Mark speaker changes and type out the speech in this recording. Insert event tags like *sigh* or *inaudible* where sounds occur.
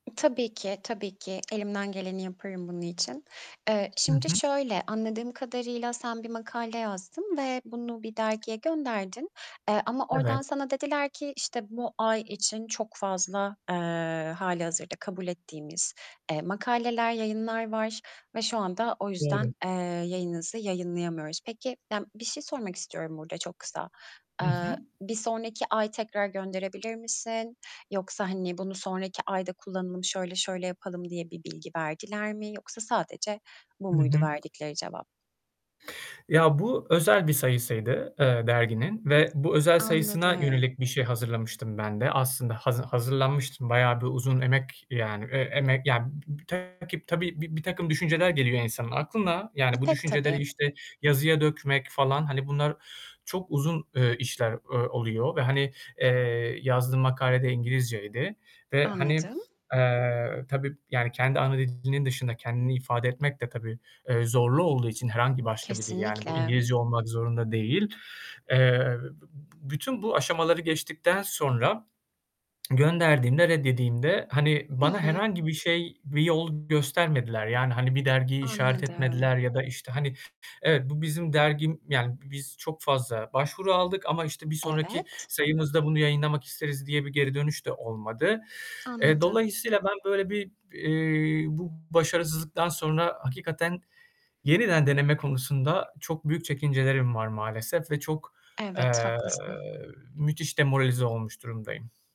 Speaker 1: Tabii ki, tabii ki elimden geleni yaparım bunun için. Eee
Speaker 2: Hı
Speaker 1: şimdi
Speaker 2: hı.
Speaker 1: şöyle, anladığım kadarıyla sen bir makale yazdın ve bunu bir dergiye gönderdin, eee, ama
Speaker 2: Evet.
Speaker 1: oradan sana dediler ki, işte, bu ay için çok fazla, eee, halihazırda kabul ettiğimiz, eee, makaleler, yayınlar var ve şu anda o
Speaker 2: Doğru.
Speaker 1: yüzden, eee, yayınınızı yayımlayamıyoruz. Peki, ya bir şey sormak istiyorum burada çok kısa.
Speaker 2: Hı hı.
Speaker 1: Eee, bir sonraki ay tekrar gönderebilir misin, yoksa hani bunu sonraki ayda kullanalım şöyle şöyle yapalım diye bir bilgi verdiler mi yoksa sadece bu
Speaker 2: Hı
Speaker 1: muydu
Speaker 2: hı.
Speaker 1: verdikleri cevap?
Speaker 2: Ya bu özel bir sayısıydı, eee, derginin ve bu özel sayısına
Speaker 1: Anladım.
Speaker 2: yönelik bir şey hazırlamıştım ben de. Aslında hazı hazırlanmıştım, bayağı bir uzun emek yani, eee, emek yani b b takip tabii bir birtakım düşünceler geliyor insanın aklına yani bu
Speaker 1: Pek
Speaker 2: düşünceleri,
Speaker 1: tabii.
Speaker 2: işte, yazıya dökmek falan, hani, bunlar çok uzun, eee, işler o oluyor ve, hani, eee, yazdığım makale de İngilizceydi ve, hani,
Speaker 1: Anladım.
Speaker 2: eee, tabii, yani, kendi ana dilinin dışında kendini ifade etmek de tabii, eee, zorlu olduğu için herhangi başka bir dil yani bu
Speaker 1: Kesinlikle.
Speaker 2: İngilizce olmak zorunda değil. Eee, b b bütün bu aşamaları geçtikten sonra *smacks lips* gönderdiğimde, red yediğimde, hani,
Speaker 1: Hı
Speaker 2: bana
Speaker 1: hı.
Speaker 2: herhangi bir şey, bir yol göstermediler yani, hani, bir dergiyi işaret
Speaker 1: Anladım.
Speaker 2: etmediler ya da, işte, hani, evet bu bizim dergim yani, biz çok fazla başvuru aldık ama, işte, bir sonraki
Speaker 1: Evet.
Speaker 2: sayımızda bunu yayınlamak isteriz, diye bir geri dönüş de olmadı. Eee,
Speaker 1: Anladım.
Speaker 2: dolayısıyla ben böyle bir, eee, bu başarısızlıktan sonra hakikaten yeniden deneme konusunda çok büyük çekincelerim var maalesef ve çok,
Speaker 1: Evet
Speaker 2: eee,
Speaker 1: ,haklısın.
Speaker 2: müthiş demoralize olmuş durumdayım.